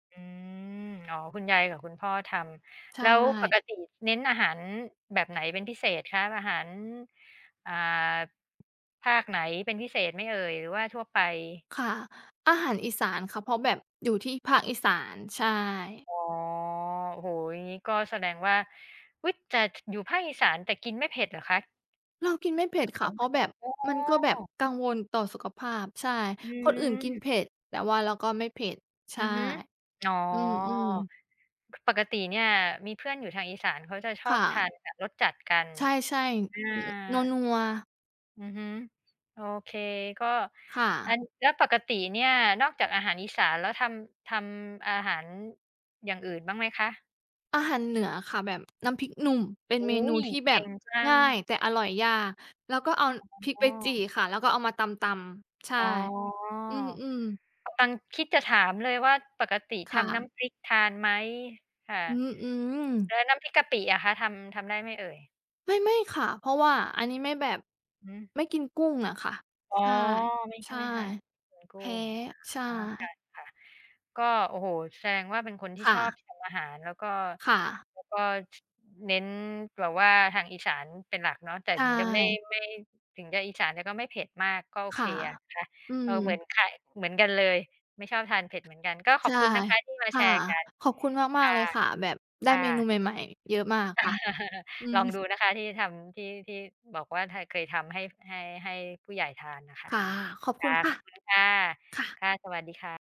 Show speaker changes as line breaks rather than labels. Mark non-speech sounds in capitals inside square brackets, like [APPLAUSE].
อืม อ๋อ คุณยายกับคุณพ่อท
ใช
ำ แล้วป
่
กติเน้นอาหารแบบไหนเป็นพิเศษคะ อาหาร อ่า ภาคไหนเป็นพิเศษไหมเอ่ย หรือว่าทั่วไป?
ค่ะ อาหารอีสานค่ะ เพราะแบบ อยู่ที่ภาคอีสาน ใช่
อ๋อ โอ้โฮ งี้ก็แสดงว่า อุ๊ย! จะ อยู่ภาคอีสาน แต่กินไม่เผ็ดเหรอคะ?
เรากินไม่เผ็ดค่ะ เพราะแบบ
[UNINTELLIGIBLE] โอ้
มันก็แบบกังวลต่อสุขภาพ ใช่
อื
คนอื่นกิน
อ
เผ็ด แต่ว่าเราก็ไม่เผ็ด ใช
อื
่
อฮึ อ๋อ
อือ ๆ
ปกติเนี่ยมีเพื่อนอยู่ทางอีสานเขาจะช
ค
อ
่
บท
ะ
านแบบรสจัดกัน
ใช่
อา
ๆ น นัว ๆ
อือฮึ โอเค ก็
ค่
อ
ะ
ัน แล้วปกติเนี่ย นอกจากอาหารอีสานแล้วทำ ทำอาหาร อย่างอื่นบ้างไหมคะ?
อาหารเหนือค่ะ แบบน้ำพริกหนุ่มเป็น
โอ้
เม
โ
น
ฮ
ูที่แ
เ
บ
ก่
บ
งจั
ง
ง
่าย แต่อร่อยยาก แล้วก็ เอาพริก
อ๋
ไปจี่
อ
ค่ะ แล้วก็เอามาตำ ๆ ใช่
อ๋อ
อืม ๆ
ตัง คิดจะถามเลยว่า ปกติ
ค
ท
่
ำน้
ะ
ำพริกทานไหมค่ะ?
อือ
แล
ๆ
้วน้ำพริกกะปิอะคะ ทำ ทำได้ไหมเอ่ย?
ไม่ ๆ ค่ะ เพราะว่าอันนี้ไม่แบบ
หือ
ไม่กินกุ้งอะค่ะ
อ๋อ
ใช่
ไม่ ท
ใช่
ไม่ทาน อืม ก
แ
ุ
พ
้
้
ง
ใช
อ๋อ ค
่
่ะ ๆ ก็ โอ้โฮ แสดงว่าเป็นคนที่
ค่
ชอบ
ะ
ทำอาหาร แล้วก็
ค่ะ
แล้วก็ ช เน้นแบบว่าทางอีสานเป็นหลักเนาะ แต่
ใช
ถึงจะไม่
่
ไม่ ถึงจะอีสาน แต่ก็ไม่เผ็ดมาก ก็โอ
ค
เค
่ะ
อะ นะคะ
อื
เอ่อ เหมือน
ม
ไข่ เหมือนกันเลย ไม่ชอบทานเผ็ดเหมือนกัน ก็ข
ใช
อบ
่
คุณนะคะที่มา
ค
แ
่
ช
ะ
ร์กัน
ขอบคุณ
ค
มาก
่ะ
ๆ เลยค่ะ แบบ ได้
ค่
เมนู
ะ
ใหม่ ๆ เยอะมากค่ะ อื
[LAUGHS] ลอง
อ
ดูนะคะที่ทำ ที่ ที่บอกว่า ถ้าเคยทำให้ ให้ ให้ผู้ใหญ่ทานอะค่ะ
ค่ะ ขอบ
ค
คุ
่
ณ
ะ
ค่
ข
ะ
อบคุณค่ะ
ค่ะ
ค่ะ สวัสดีค่ะ